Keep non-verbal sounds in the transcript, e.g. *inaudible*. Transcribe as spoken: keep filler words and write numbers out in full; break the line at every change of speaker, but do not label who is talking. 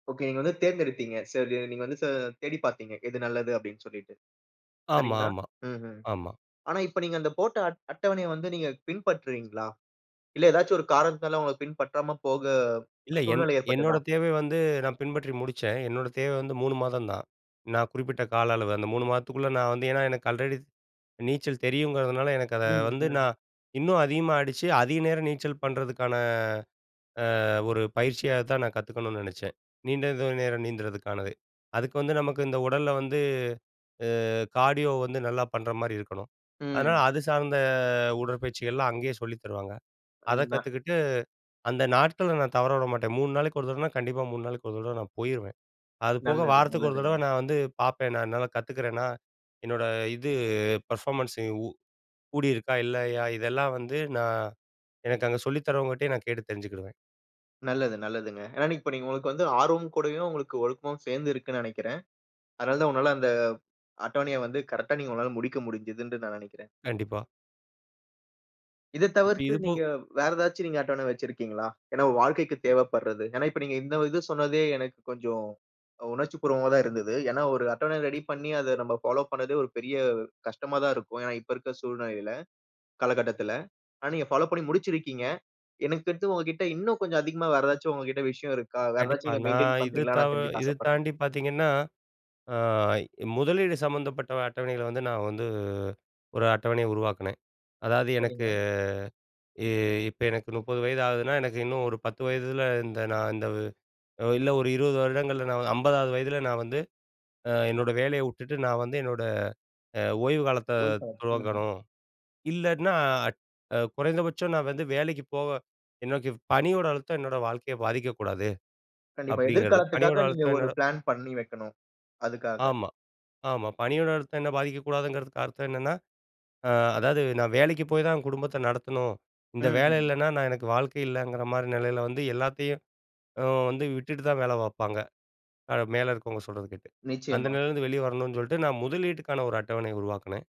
Okay. நீங்க வந்து தேர்ந்தெடுத்தீங்க. சரி நீங்க வந்து, ச தேடிப்பாத்தீங்க. எது நல்லது அப்டின்னு சொல்லிட்டு,
ஆமா,
சரிங்களா?
ஆமா,
ம்ஹம்.
ஆமா.
ஆனா இப்ப நீங்க அந்த போட்ட அட்ட அட்டவணைய வந்து நீங்கப் பின்பற்றுறீங்களா? இல்ல எதாச்சு ஒரு காரணத்தால உங்க பின்பற்றாம போக
இல்ல, என்
சூழ்நிலை
என்னோட
ஏற்பட்டுதா?
தேவை வந்து நான் பின்பற்றி முடிச்சேன். என்னோட தேவை வந்து மூணு மாதந்தான். நான் குறிப்பிட்ட கால அளவு அந்த மூணு மாதத்துக்குள்ள நான் வந்து ஏன்னா, எனக்கு ஆல்ரெடி நீச்சல் தெரியும்ங்கிறதுனால, எனக்கு அத
ம்,
வந்து,
ம்.
நான் இன்னும் அதிகமா அடிச்சு, அதிக நேரம் நீச்சல் பண்ணறதுக்கான, ஆ, ஒரு பயிற்சியாகதான் நான் கத்துக்கணும்னு நெனைச்சேன். நீண்ட தூரம் நேரம் நீந்தறதுக்கானது. அதுக்கு வந்து, நமக்கு இந்த உடல்ல வந்து, ஆ கார்டியோ வந்து நல்லா பண்ற மாரி இருக்கணும். அதனால
ம்.
அது சார்ந்த உடற்பயிற்சிகள்லாம் அங்கயே சொல்லித் தருவாங்க. அதக்
*unintelligible*
கத்துக்கிட்டு, அந்த நாட்கள நான் தவறவிடமாட்டேன். மூணு நாளைக்கு ஒரு தடவனா, கண்டிப்பா மூணு நாளுக்கு ஒரு தடவ நான் போயிருவேன். அது போக
நல்லது,
வாரத்துக்கு ஒரு தடவ
நல்லதுங்க.
நான் வந்து பாப்பேன். நான் நல்லா கத்துக்கறேனா? என்னோட இது, பெர்ஃபாமன்ஸூ உ கூடியிருக்கா? இல்லையா? இதெல்லாம் வந்து நான் எனக்கு அங்க சொல்லித் தரவங்க கிட்டயே நான் கேட்டுத் தெரிஞ்சுக்கிடுவேன்.
நல்லது, நல்லதுங்க. ஏன்னா, இப்ப நீங்க உங்களுக்கு வந்து ஆர்வமும் கூடயும் உங்களுக்கு ஒழுக்கமும் சேர்ந்து இருக்குன்னு நெனைக்கிறேன். அதனால தான் உன்னால அந்த அட்டவணைய வந்து, கரெட்டா நீ உங்களால முடிக்க முடிஞ்சதுன்டு நான் நெனைக்கிறேன்.
கண்டிப்பா.
இதத்
இப்ப
தவிர்த்து,
இது போ
நீங்க வேற ஏதாச்சு நீங்க அட்டவணை வச்சிருக்கீங்களா? ஏன்னா வாழ்க்கைக்கு தேவைப்படுறது, ஏன்னா இப்ப நீங்க இந்த இது சொன்னதே எனக்குக் கொஞ்சோம் உணர்ச்சிபூர்வமா தான் இருந்தது. ஏன்னா ஒரு அட்டவணை ரெடி பண்ணி, அத நம்ப ஃபாலோ பண்ணதே ஒரு பெரிய கஷ்டமாதான் இருக்கும். ஏன்னா இப்ப இருக்கிற சூழ்நிலையில, கால கட்டத்துல. ஆனா நீங்க ஃபாலோ பண்ணி முடிச்சிருக்கீங்க. எனக்குத் தெரிஞ்சு உங்ககிட்ட இன்னும் கொஞ்சம் அதிகமா வேற ஏதாச்சு உங்ககிட்ட விஷயம் இருக்கா? வேற ஏதாச்சு
கண்டிப்பா.
நீங்க
நான்
மெயின்டய்ன்
இது
பண்றீங்களான்னு
தவ
நான் தெரிஞ்சுக்க
இது
ஆசைப்படுறேன்.
தாண்டி பாத்தீங்கன்னா, ஆ, முதலீடு சம்பந்தப்பட்ட அட்டவணைகள வந்து நான் வந்து, ஒரு அட்டவணைய உருவாக்குனேன். அதாது எனக்கு
சரிங்க.
இ இப்ப எனக்கு முப்பது வயது ஆகுதுன்னா, எனக்கு இன்னும் ஒரு பத்து வயதுல இந்த நான் இந்த இல்ல ஒரு இருபது வருடங்கள்ல நான் அம்பதாவது வயதுல நான் வந்து ஆ, என்னோட வேலைய விட்டுட்டு நான் வந்து, என்னோட, அ, ஓய்வு காலத்த
*unintelligible* ம்.
துவங்கணும். இல்லாட்ன்னா அட் குறைந்தபட்சம் நான் வந்து வேலைக்குப் போவ எனக்குப் பணியோட அழுத்தம் என்னோட வாழ்க்கையப் பாதிக்கக் கூடாது
கண்டிப்பா.
அப்டிங்கிறது. பணியோட
எதிர்காலத்துக்காக நீங்க
அழுத்தம்
ஒரு
என்னோட
பிளான் பண்ணி வெக்கணும், அதுக்காக.
ஆமா, ஆமா. பணியோட அழுத்தம் என்ன பாதிக்கக் கூடாதுங்கறதுக்கு அர்த்தம் என்னன்னா, ஆ அதாது நான் வேலைக்குப் போய் தான் குடும்பத்தை நடத்தணும். இந்த வேலை
ம்ஹ்ம்.
இல்லன்னா நான் எனக்கு வாழ்க்கை இல்லைங்கிற மாரி நிலையில வந்து எல்லாத்தையும், ஆ வந்து விட்டுட்டு தான் வேல பாப்பாங்க. அ, மேல இருக்கவங்க சொல்றது கேட்டு. அந்த
நிச்சயமா.
நிலைல இருந்து வெளிய வரணும்னு சொல்லிட்டு நான் முதலீடுக்கான ஒரு அட்டவணைய உருவாக்குனேன்.